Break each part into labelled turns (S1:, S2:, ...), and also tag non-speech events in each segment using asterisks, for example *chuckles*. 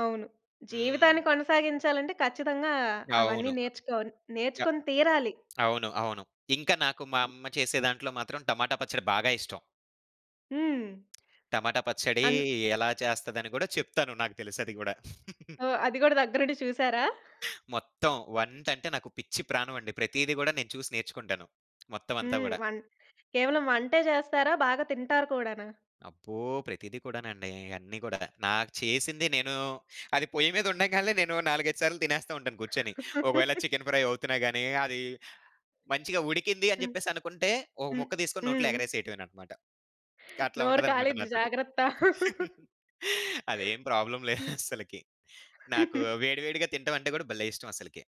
S1: అవును.
S2: హ్మ్.
S1: జీవితాన్ని కొనసాగించాలంటే ఖచ్చితంగా అవన్నీ
S2: అవును.
S1: నేర్చుకొన్ నేర్చుకొని తీరాలి.
S2: అవును. అవును. ఇంకా నాకు మా అమ్మ చేసే దాంట్లో మాత్రం టమాటా పచ్చడి బాగా ఇష్టం.
S1: హ్మ్.
S2: పచ్చడి
S1: అన్
S2: ఎలా చేస్తదని కూడా చెప్తాను. నాకు తెలుసది గూడా. *laughs*
S1: ఓహ్! అది గూడా దగ్గరుండి చూసారా?
S2: మొత్తం వంట అంటే నాకు పిచ్చి ప్రాణమండి. ప్రతీది గూడా నేను చూసి నేర్చుకుంటాను. మొత్తం అంతా
S1: హ్మ్.
S2: గూడా.
S1: వం కేవలం వంటే చేస్తారా? బాగా తింటారు కూడానా?
S2: అబ్బో! ప్రతిది కూడానండి. అన్ని గూడా నాకు చేసింది నేను అది పొయ్యి మీద ఉండగాల్నే నేను నాలుగైదు సార్లు తినేస్తా ఉంటాను కూర్చొని. ఒకవేళ చికెన్ ఫ్రై అవుతున్నా
S1: *laughs*
S2: గాని అది మంచిగా ఉడికింది అని
S1: హ్మ్.
S2: చెప్పేసనుకుంటే ఒక
S1: హ్మ్.
S2: ముక్క తీసుకొని నోట్లో
S1: హ్మ్.
S2: ఎగరేసేయటమేనన్నమాట. అట్లా
S1: నోరు
S2: ఉంటదన్నమాట
S1: కాలిద్ది
S2: నాతోటి.
S1: జాగ్రత్త. *laughs*
S2: *laughs* అదేం ప్రాబ్లమ్ లేదస్సలకి. *chuckles* నాకు
S1: *chuckles*
S2: వేడి వేడిగా తినటం అంటే కూడా భలే ఇష్టం అసలకి.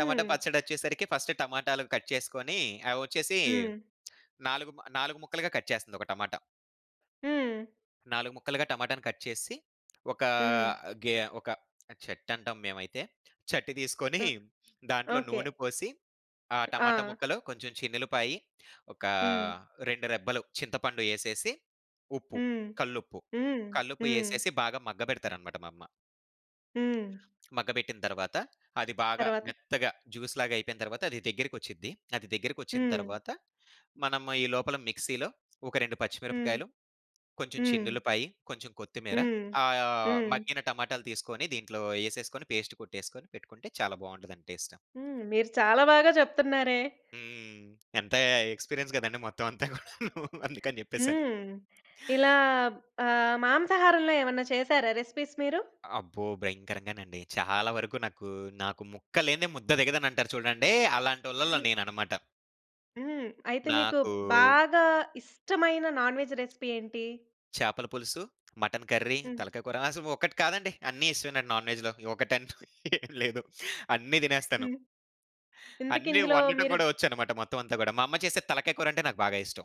S2: టమాటా పచ్చడి వచ్చేసరికి ఫస్ట్ టమాటాలు కట్ చేసుకొని అవొచ్చేసి
S1: హ్మ్.
S2: 4 మ 4 ముక్కలుగా కట్ చేస్తుంది ఒక టమాటా.
S1: హ్మ్.
S2: 4 ముక్కలుగా టమాటాని కట్ చేసి ఒకా
S1: హ్మ్.
S2: గే ఒక చట్టంటాం మేమైతే. చట్టి తీసుకొని,
S1: ఆ!
S2: దాంట్లో
S1: ఓకే.
S2: నూనె పోసి, ఆ టమాటా
S1: ఆ!
S2: ముక్కలు కొంచెం చిన్నుల్లిపాయి ఒకా
S1: హ్మ్.
S2: 2 రెబ్బలు చింతపండు యేసేసి ఉప్పు
S1: హ్మ్.
S2: కల్లుప్పు.
S1: హ్మ్.
S2: కల్లుప్పు
S1: హ్మ్.
S2: వేసేసి బాగా మగ్గ పెడతారన్నమాట మా అమ్మ.
S1: హ్మ్.
S2: మగ్గపెట్టిన తరువాత అది బాగా
S1: తరువాత
S2: మెత్తగా జ్యూస్‌లాగా అయిపోయిన తరువాత అది దగ్గరికొచ్చుద్ది. అది దగ్గరికొచ్చిన
S1: హ్మ్.
S2: తరువాత మనం ఈ లోపల మిక్సీలో ఒక 2
S1: హ్మ్.
S2: పచ్చిమిరపకాయలు, కొంచెం
S1: హ్మ్.
S2: చిన్నుల్లిపాయి, కొంచెం కొత్తిమీర,
S1: హ్మ్.
S2: ఆయ
S1: హ్మ్.
S2: మగ్గిన టమాటాలు తీసుకొని దీంట్లో యేసేసుకొని పేస్టు కొట్టేసుకొని పెట్టుకుంటే చాలా బావుంటదండి టేస్ట్.
S1: హ్మ్. మీరు చాలా బాగా చెప్తున్నారే?
S2: హ్మ్. ఎంత ఎక్స్‌పీరియన్స్ గదండీ! మొత్తం అంతా గూడాను అందుకని జెప్పేసని.
S1: హ్మ్. ఇలా ఆహ్, మాంసాహారంలో ఏమైనా చేసారా రెసిపీస్ మీరు?
S2: అబ్బో! భయంకరంగానండి. చాలా వరకు నాకు నాకు ముక్కలేనిదే ముద్ద దిగదనంటారు చూడండి. అలాంటోళ్ళలో
S1: హ్మ్.
S2: నేనన్నమాట.
S1: హ్మ్. అయితే మీకు
S2: నాకు
S1: బాగా ఇష్టమైన నాన్‌వెజ్ రెసిపీ ఏంటి?
S2: చేపల పులుసు, మటన్ కర్రీ,
S1: హ్మ్.
S2: తలకాయ కూర అసలు ఒకటి కాదండి. అన్ని ఇష్టమేనండి నాన్‌వెజ్‌లో. ఒకటం‌టూ *chuckles* ఏం లేదు. అన్ని తినేస్తాను.
S1: హ్మ్. ఇంతకి
S2: అన్నీ
S1: ఇందులో
S2: వండటం
S1: మీరు
S2: కూడా వచ్చన్నమాట మొత్తం అంతా గూడా. మా అమ్మ చేసే తలకాయ కూరంటే నాకు బాగా ఇష్టం.